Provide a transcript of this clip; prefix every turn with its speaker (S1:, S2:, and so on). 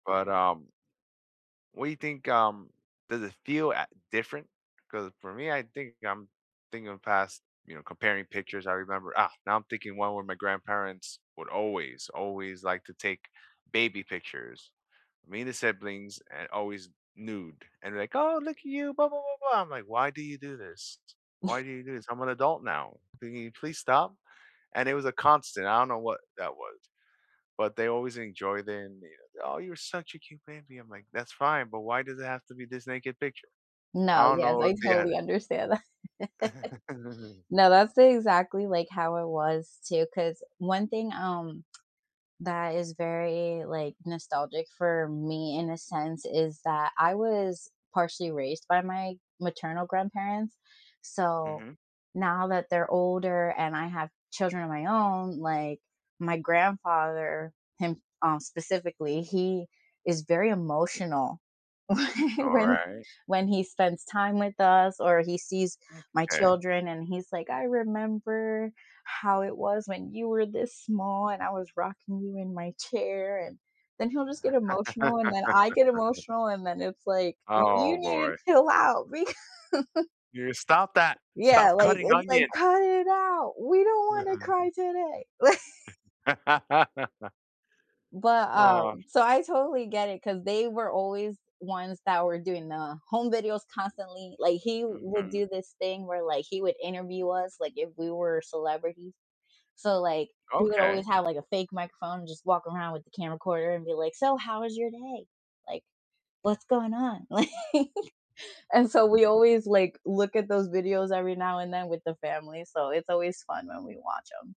S1: But, um What do you think um does it feel, eh different? 'Cause for me, I think I'm thinking of past, you know, comparing pictures, I remember Ah, now I'm thinking one where my grandparents would always, always like to take baby pictures. Me and the siblings and always nude, and they're like, "Oh, look at you, blah, blah, blah, blah." I'm like, "Why do you do this? Why do you do this, I'm an adult now, can you please stop?" And it was a constant, I don't know what that was, but they always enjoyed and they go, "Oh, You're such a cute baby." I'm like, "That's fine. But why does it have to be this naked picture?"
S2: No,
S1: I don't
S2: yes,
S1: know
S2: I
S1: if they had
S2: totally
S1: it
S2: understand that. No, that's the exactly like how it was too, 'cause one thing, um, that is very, like, nostalgic for me in a sense, is that I was partially raised by my maternal grandparents, so,
S1: Mhm.
S2: now that they're older, and I have children of my own, like, my grandfather him, um, specifically he is very emotional whe
S1: Alright.
S2: when he spends time with us, or he sees my
S1: M'kay.
S2: children and he's like, "I remember how it was when you were this small and I was rocking you in my chair and" then he'll just get emotional and then I get emotional and then it's like,
S1: Oh,
S2: "You need to
S1: boy.
S2: chill out, beca"
S1: You stop that!
S2: Yeah,
S1: Stop
S2: like,
S1: cutting
S2: it's like, "Cut
S1: onions!
S2: it out, we don't want to
S1: Mhm.
S2: cry today!" Li But,
S1: Oh.
S2: um, so I totally get it 'cause they were always ones that were doing the home videos constantly, like, he would
S1: Mhm.
S2: do this thing where, like, he would interview us, like, if we were celebrities. So, like, he would
S1: Okay.
S2: always have, like, a fake microphone and just walk around with the camcorder and be like, "So how was your day?" Like, "What's going on?" Like and so we
S1: Mhm.
S2: always, like, look at those videos every now and then with the family, so it's always fun when we watch 'em.